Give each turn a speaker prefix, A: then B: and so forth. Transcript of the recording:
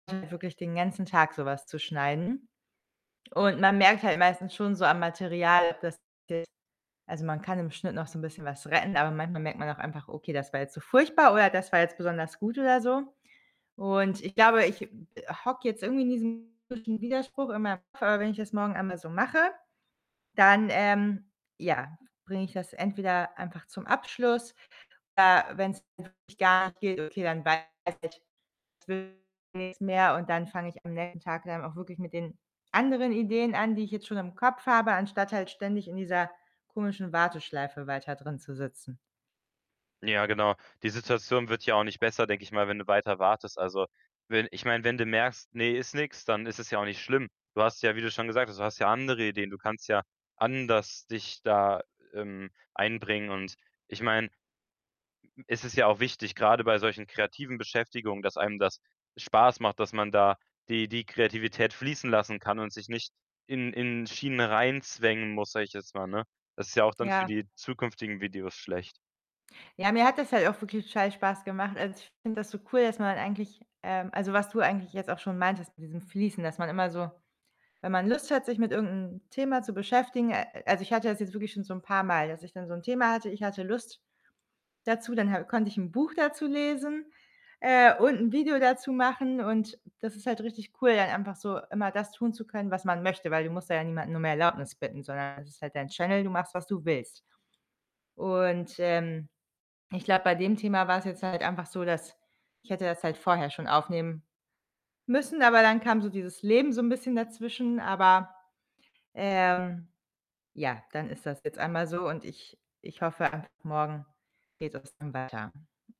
A: Wirklich den ganzen Tag so was zu schneiden. Und man merkt halt meistens schon so am Material, dass de also, man kann im Schnitt noch so 'n bisschen was retten, aber manchmal merkt man auch einfach: „Okay, das war jetzt so furchtbar oder das war jetzt besonders gut“, oder so. Und ich glaube, ich, hm, äh, hocke jetzt irgendwie in diesem [unintelligible] Widerspruch und [unintelligible] wenn ich das morgen einmal so mache, dann, ähm, ja, bringe ich das entweder einfach zum Abschluss. Äh, wenn's wirklich gar nicht geht, okay, dann weiß ich, das wird nix mehr. Und dann fange ich am nächsten Tag dann auch wirklich mit den anderen Ideen an, die ich jetzt schon im Kopf habe, anstatt halt ständig in dieser komischen Warteschleife weiter drin zu sitzen.
B: Ja, genau. Die Situation wird ja auch nicht besser, denke ich mal, wenn du weiter wartest. Also, wenn ich meine, wenn du merkst: „Ne, ist nix“, dann ist es ja auch nicht schlimm. Du hast ja wie du schon gesagt hast, du hast ja andere Ideen. Du kannst ja anders dich da, ähm, einbringen. Und ich meine, es ist ja auch wichtig, grade bei solchen kreativen Beschäftigungen, dass einem das Spaß macht, dass man da die die Kreativität fließen lassen kann und sich nicht in in Schienen reinzwängen muss, sage ich jetzt mal, ne? Das ist ja auch dann für
A: Ja.
B: die zukünftigen Videos schlecht.
A: Ja, mir hat das halt auch wirklich total Spaß gemacht. Also, ich finde das so cool, dass man eigentlich, ähm also, was du eigentlich jetzt auch schon meintest mit diesem Fließen, dass man immer so wenn man Lust hat, sich mit irgend 'nem Thema zu beschäftigen a also, ich hatte das jetzt wirklich schon so 'n paarmal, dass ich dann so 'n Thema hatte. Ich hatte Lust dazu, dann ha konnte ich 'n Buch dazu lesen, äh, und 'n Video dazu machen. Und das ist halt richtig cool, dann einfach so immer das tun zu können, was man möchte, weil du musst da ja niemanden nur um Erlaubnis bitten, sondern es ist halt dein Channel. Du machst, was du willst. Und, ähm, ich glaube, bei dem Thema war's jetzt halt einfach so, dass ich hätte das halt vorher schon aufnehmen müssen, aber dann kam so dieses Leben so 'n bisschen dazwischen. Aber, ähm, ja, dann ist das jetzt einmal so und ich ich hoffe einfach, morgen geht es dann weiter.